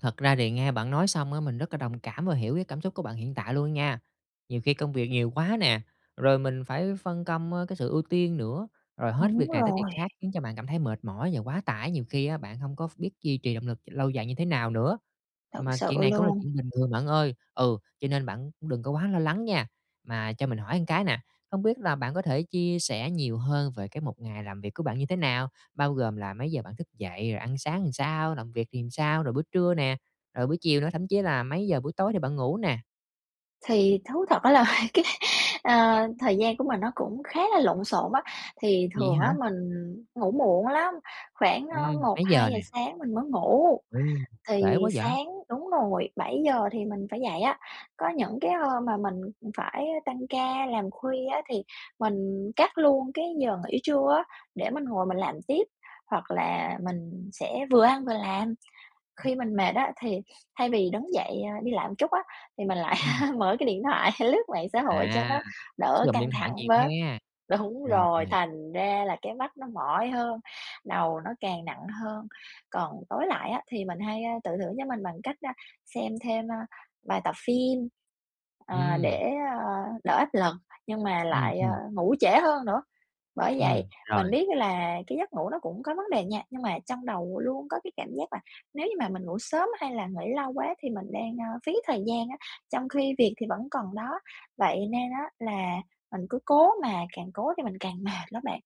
Thật ra thì nghe bạn nói xong á, mình rất là đồng cảm và hiểu cái cảm xúc của bạn hiện tại luôn nha. Nhiều khi công việc nhiều quá nè, rồi mình phải phân công, ơ, cái sự ưu tiên nữa, rồi hết việc Đúng này tới việc rồi. khác khiến cho bạn cảm thấy mệt mỏi và quá tải, nhiều khi á, bạn hông có ph biết duy trì động lực lâu dài như thế nào nữa. Thật Mà sự chuyện này cũng là luôn! chuyện bình thường bạn ơi, ừ, cho nên bạn cũng đừng có quá lo lắng nha. Mà cho mình hỏi một cái nè, không biết là bạn có thể chia sẻ nhiều hơn về cái một ngày làm việc của bạn như thế nào? Bao gồm là mấy giờ bạn thức dậy, rồi ăn sáng làm sao, làm việc thì làm sao? Rồi bữa trưa nè, rồi buổi chiều nữa, thậm chí là mấy giờ buổi tối thì bạn ngủ nè? Thì thú thật á là cái, ờ, thời gian của mình nó cũng khá là lộn xộn á. Thì Vậy thường hả? á, mình ngủ muộn lắm, khoảng, ơ, Ừm, một mấy giờ hai giờ nè? sáng mình mới ngủ, Ồ, trễ thì quá dạ! sáng đúng rồi, 7:00 thì mình phải dậy á. Có những cái hôm mà mình phải tăng ca làm khuya á, thì mình cắt luôn cái giờ nghỉ trưa á, để mình ngồi mình làm tiếp, hoặc là mình sẽ vừa ăn vừa làm. Ừm. Khi mình mệt á, thì thay vì đứng dậy, a, đi lại một chút á, thì mình lại Ừm. mở cái điện thoại lướt mạng xã hội cho À, nó đỡ sử dụng căng điện thoại thẳng nhiều bớt ha! đúng rồi, Rồi. thành ra là cái mắt nó mỏi hơn, đầu nó càng nặng hơn. Còn tối lại á, thì mình hay, ơ, tự thưởng cho mình bằng cách, a, xem thêm, a, vài tập phim, ờ, Ừm. để, ờ, đỡ áp lực nhưng mà Ừm, lại, ờ, ừm. ngủ trễ hơn nữa. Bởi vậy, Ừm, mình rồi. biết là cái giấc ngủ nó cũng có vấn đề nha, nhưng mà trong đầu luôn có cái cảm giác là nếu như mà mình ngủ sớm hay là nghỉ lâu quá thì mình đang, ờ, phí thời gian á, trong khi việc thì vẫn còn đó. Vậy nên á là mình cứ cố, mà càng cố thì mình càng mệt lắm bạn!